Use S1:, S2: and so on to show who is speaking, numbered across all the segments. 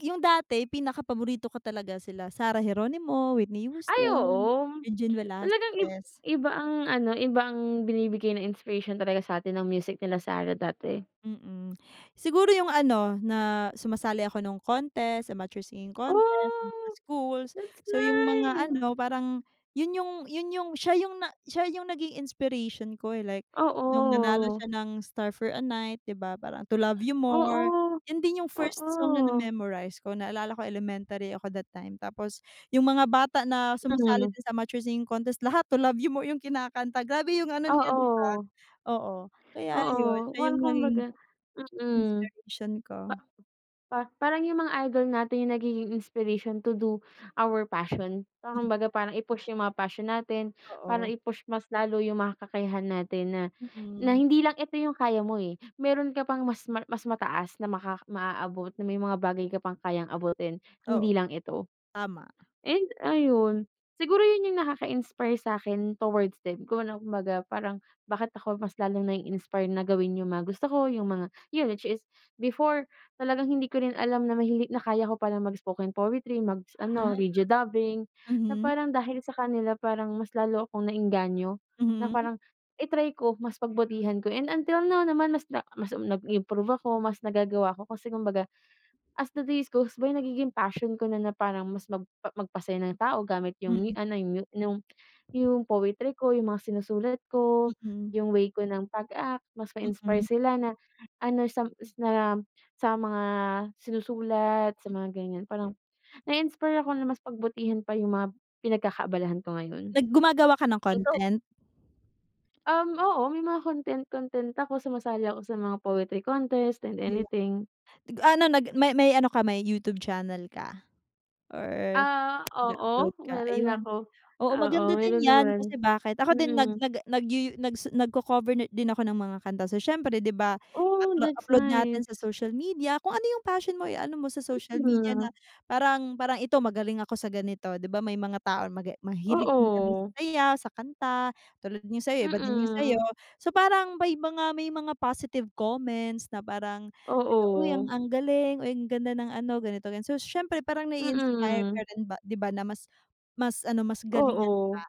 S1: 'Yung dati pinakapaborito ko talaga sila Sarah Geronimo, Whitney
S2: Ay,
S1: Houston,
S2: oo, m
S1: Regine
S2: talagang ib
S1: Velasquez.
S2: iba ang ano iba ang binibigay na inspiration talaga sa atin ng music nila Sarah dati.
S1: Mm, siguro yung ano, na sumasali ako nung contest, amateur singing contest do'n sa
S2: Oh,
S1: schools.
S2: that's
S1: So yung mga
S2: nice!
S1: ano parang yun yung yun yung, siya yung na siya yung naging inspiration ko, eh, like nung nanalo
S2: Oo.
S1: siya ng Star for a Night di ba, parang To Love You More,
S2: Oo,
S1: yun din yung first song na
S2: oo.
S1: na-memorize ko naalala ko elementary ako that time. Tapos yung mga bata na
S2: So,
S1: sumasali
S2: hmm.
S1: din sa amateur singing contest lahat To Love You More, yung kinakanta grabe yung ano niya di ba?
S2: Oo.
S1: Oo, kaya yun
S2: Oo,
S1: siya
S2: well,
S1: yung naging
S2: kumbaga, mm,
S1: inspiration
S2: pa
S1: ko.
S2: pa parang yung mga idol natin yung nagiging inspiration to do our passion so
S1: Hmm.
S2: kumbaga parang i-push yung mga passion natin, parang
S1: Oo.
S2: i-push mas lalo yung mga kakayahan natin na na
S1: Mm.
S2: hindi lang ito yung kaya mo, eh, meron ka pang mas ma mas mataas na maka maaabot na may mga bagay ka pang kayang abutin
S1: Oo
S2: hindi lang ito.
S1: tama.
S2: And ayun, siguro yun yung nakaka-inspire sa'kin towards them kung ano kumbaga parang bakit ako mas lalong nai-inspire na gawin yung mga gusto ko, yung mga yun, which is before talagang hindi ko rin alam na mahili na kaya ko palang mag-spoken poetry, mag s ano,
S1: Ah.
S2: radio dubbing, na
S1: Mhm.
S2: parang dahil sa kanila parang mas lalo akong naengganyo, na
S1: Mm.
S2: parang i-try ko, mas pagbutihan ko. And until now naman, mas na mas, um, nag-improve ako, mas nagagawa ako kasi kumbaga, as the days goes by nagiging passion ko na na parang mas magpa magpasaya ng tao gamit yung
S1: Hmm.
S2: new, ano yu yung yung poetry ko, yung mga sinusulat ko,
S1: Mm.
S2: yung way ko ng pag-act mas ma-inspire
S1: Mm.
S2: sila na ano sam s sam sa mga sinusulat sa
S1: M
S2: mga ganyan parang nai-inspire ako na mas pagbutihan pa yung mga pinagkakaabalahan ko ngayon.
S1: Nag gumagawa ka ng
S2: Ikaw
S1: content?
S2: Um, oo, may mga content content ako, sumasali ako sa mga poetry contest and
S1: 'Di ba?
S2: anything.
S1: Nag-aano nag may may ano ka may YouTube channel ka or
S2: Ah,
S1: nag-a-upload
S2: oo,
S1: ka?
S2: meron na
S1: Ayun,
S2: ako.
S1: oo,
S2: Oo,
S1: maganda din
S2: meron
S1: yan,
S2: naman.
S1: kasi bakit ako din nag
S2: Mm.
S1: nag yuyu nag su nag-ko-cover na din ako ng mga kanta, so siyempre di ba
S2: Oh,
S1: uploa
S2: that's
S1: upload natin
S2: nice!
S1: sa social media kung ano yung passion mo, eh, ano mo sa social media na
S2: [unintelligible]
S1: parang parang ito magaling ako sa ganito. 'Di ba, may mga tao na maga mahilig din kami sa
S2: Oo.
S1: sayaw, sa kanta. Tulad yung sa'yo iba din yung sayo
S2: Mm.
S1: so parang may mga may mga positive comments na parang, "teka, uy ang
S2: Oo.
S1: ang galing, uy ang ganda ng ano ganito ganyan," so siyempre parang nai-inspire ka
S2: Mm.
S1: rin ba, di ba na mas mas ano mas galingan pa.
S2: Oo.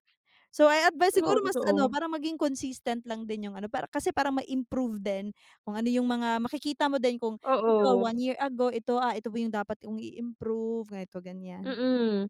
S1: So I advice
S2: Oo,
S1: siguro mas ano
S2: totoo.
S1: parang maging consistent lang din yung ano para kasi para ma-improve din kung ano yung mga makikita mo din kung ito
S2: Oo.
S1: one year ago ito, ah, ito pa yung dapat kong i-improve, ganito-ganyan.
S2: Mm.